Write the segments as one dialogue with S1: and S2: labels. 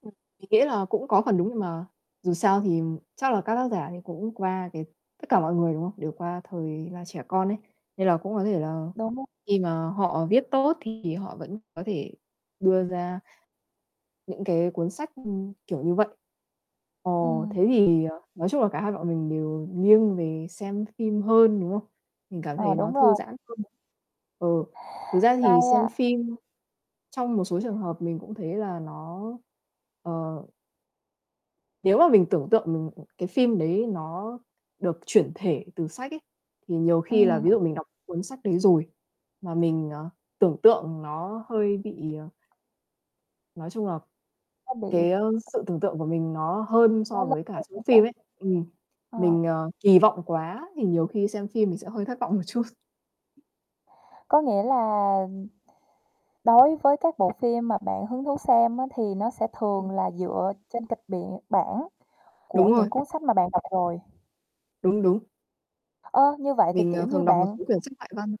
S1: Ừm. Mình nghĩ là cũng có phần đúng nhưng mà dù sao thì chắc là các tác giả thì cũng qua cái tất cả mọi người, đúng không? Đều qua thời là trẻ con ấy, nên là cũng có thể là
S2: Đúng rồi.
S1: khi mà họ viết tốt thì họ vẫn có thể đưa ra những cái cuốn sách, ừm, kiểu như vậy. Ờ,
S2: Ừm.
S1: thế thì, ờ, nói chung là cả hai bọn mình đều nghiêng về xem phim hơn, đúng không? Mình cảm
S2: Ờ,
S1: thấy nó
S2: đúng
S1: thư
S2: rồi.
S1: giãn hơn. Ừ, thực ra thì
S2: Hay
S1: xem
S2: a.
S1: phim trong một số trường hợp mình cũng thấy là nó ờ. Nếu mà mình tưởng tượng m cái phim đấy nó được chuyển thể từ sách ấy, thì nhiều khi là ví
S2: Ừm.
S1: dụ mình đọc cuốn sách đấy rồi mà mình, ờ, tưởng tượng nó hơi bị, ờ Nói chung là
S2: Nó bị
S1: cái sự tưởng tượng của mình nó hơn
S2: Quá
S1: so với cả
S2: [unintelligible]
S1: xem
S2: hay
S1: phim
S2: sao?
S1: ấy, ừm,
S2: Ờ.
S1: mình, ờ, kỳ vọng quá thì nhiều khi xem phim mình sẽ hơi thất vọng một chút.
S2: Có nghĩa là đối với các bộ phim mà bạn hứng thú xem á thì nó sẽ
S1: Ừm.
S2: thường là dựa trên kịch bản bản của
S1: Đúng rồi.
S2: những cuốn sách mà bạn đọc rồi.
S1: Đúng, đúng.
S2: Ơ, như vậy thì
S1: Mình,
S2: kiểu
S1: ờ,
S2: như
S1: thường đọc một
S2: bạn
S1: số quyển sách ngoại văn.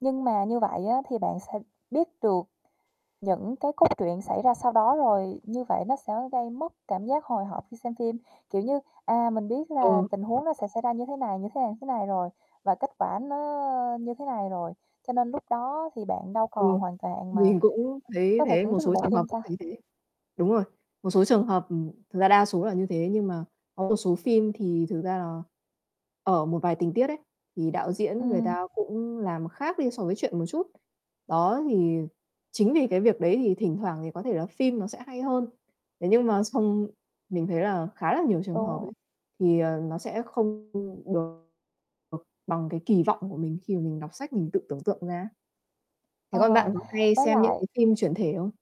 S2: Nhưng mà như vậy á thì bạn sẽ biết được những cái cốt truyện xảy ra sau đó rồi, như vậy nó sẽ gây mất cảm giác hồi hộp khi xem phim, kiểu như, à, mình biết là
S1: Ừ.
S2: tình huống nó sẽ xảy ra như thế này, như thế này, thế này rồi và kết quả nó như thế này rồi, cho nên lúc đó thì bạn đâu còn
S1: Ừ.
S2: hoàn toàn mà
S1: Mình cũng thấy như
S2: có thể
S1: thế,
S2: thưởng
S1: một
S2: thức được
S1: số
S2: bộ
S1: trường hợp
S2: phim
S1: cũng
S2: ta?
S1: thấy thế. Đúng rồi. Một số trường hợp ừm, thực ra đa số là như thế, nhưng mà có một số phim thì thực ra là ở một vài tình tiết ấy, thì đạo diễn người
S2: Ừm.
S1: ta cũng làm khác đi so với truyện một chút. Đó, thì chính vì cái việc đấy thì thỉnh thoảng thì có thể là phim nó sẽ hay hơn. Thế nhưng mà xong mình thấy là khá là nhiều trường
S2: Đúng
S1: hợp
S2: rồi.
S1: ấy, thì, ờ, nó sẽ không được, ờ, bằng cái kỳ vọng của mình khi mà mình đọc sách mình tự tưởng tượng ra ấy. Thế còn
S2: Ờ,
S1: bạn có hay
S2: với
S1: xem những
S2: lại
S1: cái phim chuyển thể không?